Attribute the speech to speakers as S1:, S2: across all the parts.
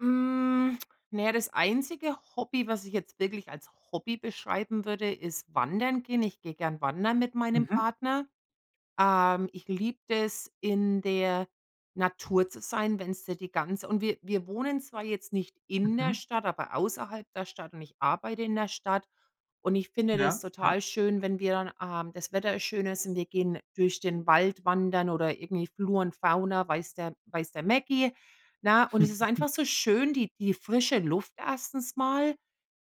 S1: Hm. Na ja, das einzige Hobby, was ich jetzt wirklich als Hobby beschreiben würde, ist wandern gehen. Ich gehe gern wandern mit meinem
S2: Mhm.
S1: Partner. Ähm, ich liebe das, in der Natur zu sein, wenn's dir die ganz und wir wir wohnen zwar jetzt nicht in der
S2: Mhm.
S1: Stadt, aber außerhalb der Stadt und ich arbeite in der Stadt. Und ich finde das
S2: Ja. Ja.
S1: total schön, wenn wir dann ähm, das Wetter is schön ist. Wir gehen durch den Wald wandern oder irgendwie Flor und Fauna, weiß der weiß der Mecki. Na, und es ist einfach so schön, die die frische Luft erstens mal,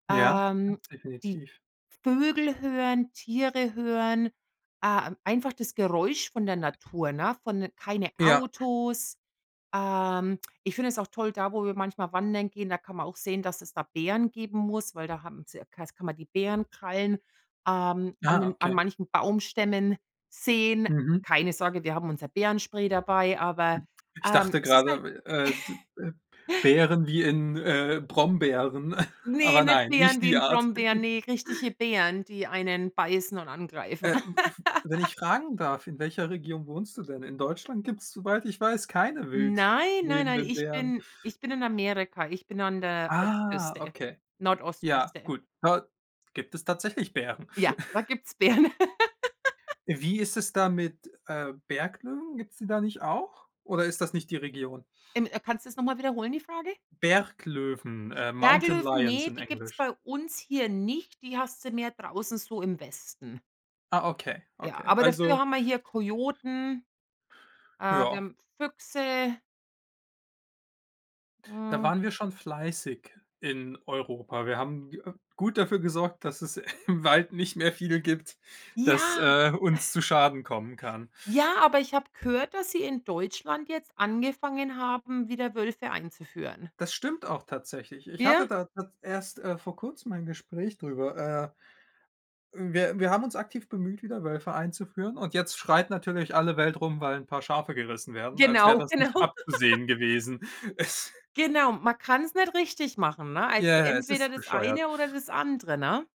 S2: Ja, ja,
S1: ähm, die
S2: definitiv.
S1: Vögel hören, Tiere hören, äh, m einfach das Geräusch von der Natur, ne, von keine
S2: Ja.
S1: Autos. Ähm, ich finde es auch toll, da, wo wir manchmal wandern gehen, da kann man auch sehen, dass es da Bären geben muss, weil da haben es ja, [unintelligible] kann man die Bärenkrallen, ähm, an
S2: Ah,
S1: den an
S2: okay.
S1: manchen Baumstämmen sehen.
S2: Mhm.
S1: Keine Sorge, wir haben unser Bärenspray dabei, aber,
S2: Ich
S1: ähm,
S2: dachte
S1: es ist
S2: gerade
S1: halt
S2: w äh, d äh, Beeren wie in, äh, Brombeeren,
S1: Ne,
S2: aber
S1: nicht
S2: nein, nicht
S1: Beeren wie
S2: die
S1: in
S2: Art.
S1: Brombeeren, ne, richtige Bären, die einen beißen und angreifen.
S2: Äh. W w wenn ich fragen darf, in welcher Region wohnst du denn? In Deutschland gibt es, soweit ich weiß, keine wild
S1: Nein, nein, nein,
S2: lebenden
S1: ich
S2: Bären.
S1: bin ich bin in Amerika, ich bin an der
S2: Ah,
S1: Ostküste,
S2: okay. Ja,
S1: Nordostküste.
S2: gut. Dort gibt es tatsächlich Bären.
S1: Ja, da gibt's Bären.
S2: Wie ist es da mit, äh, Berglöwen? Gibt es die da nicht auch? Oder ist das nicht die Region?
S1: Ähm, äh, kannst du das noch mal wiederholen, die Frage?
S2: Berglöwen, äh, Mountain
S1: Berglöwen,
S2: Lions
S1: ne,
S2: in
S1: die gibt's
S2: Englisch.
S1: bei uns hier nicht. Die hast du mehr draußen so im Westen.
S2: Ah, okay,
S1: Ja,
S2: okay.
S1: aber
S2: Also
S1: dafür haben wir hier Kojoten. Äh, wir
S2: Ja.
S1: haben Füchse.
S2: Da
S1: Hm.
S2: waren wir schon fleißig in Europa. Wir haben, äh, gut dafür gesorgt, dass es im Wald nicht mehr viel gibt, dass,
S1: Ja.
S2: äh, uns zu Schaden kommen kann.
S1: Ja, aber ich habe gehört, dass sie in Deutschland jetzt angefangen haben, wieder Wölfe einzuführen.
S2: Das stimmt auch tatsächlich. Ich hatte
S1: Ja?
S2: da ta erst, äh, vor Kurzem ein Gespräch drüber. Äh, wir wir haben uns aktiv bemüht, wieder Wölfe einzuführen und jetzt schreit natürlich alle Welt rum, weil 'n paar Schafe gerissen werden, als wäre
S1: Genau.
S2: das
S1: Genau.
S2: nicht abzusehen gewesen. Es
S1: Genau. Man kann's nicht richtig machen, ne? Also
S2: Ja, ja. Es
S1: entweder
S2: ist
S1: das
S2: bescheuert.
S1: eine oder das andere, ne?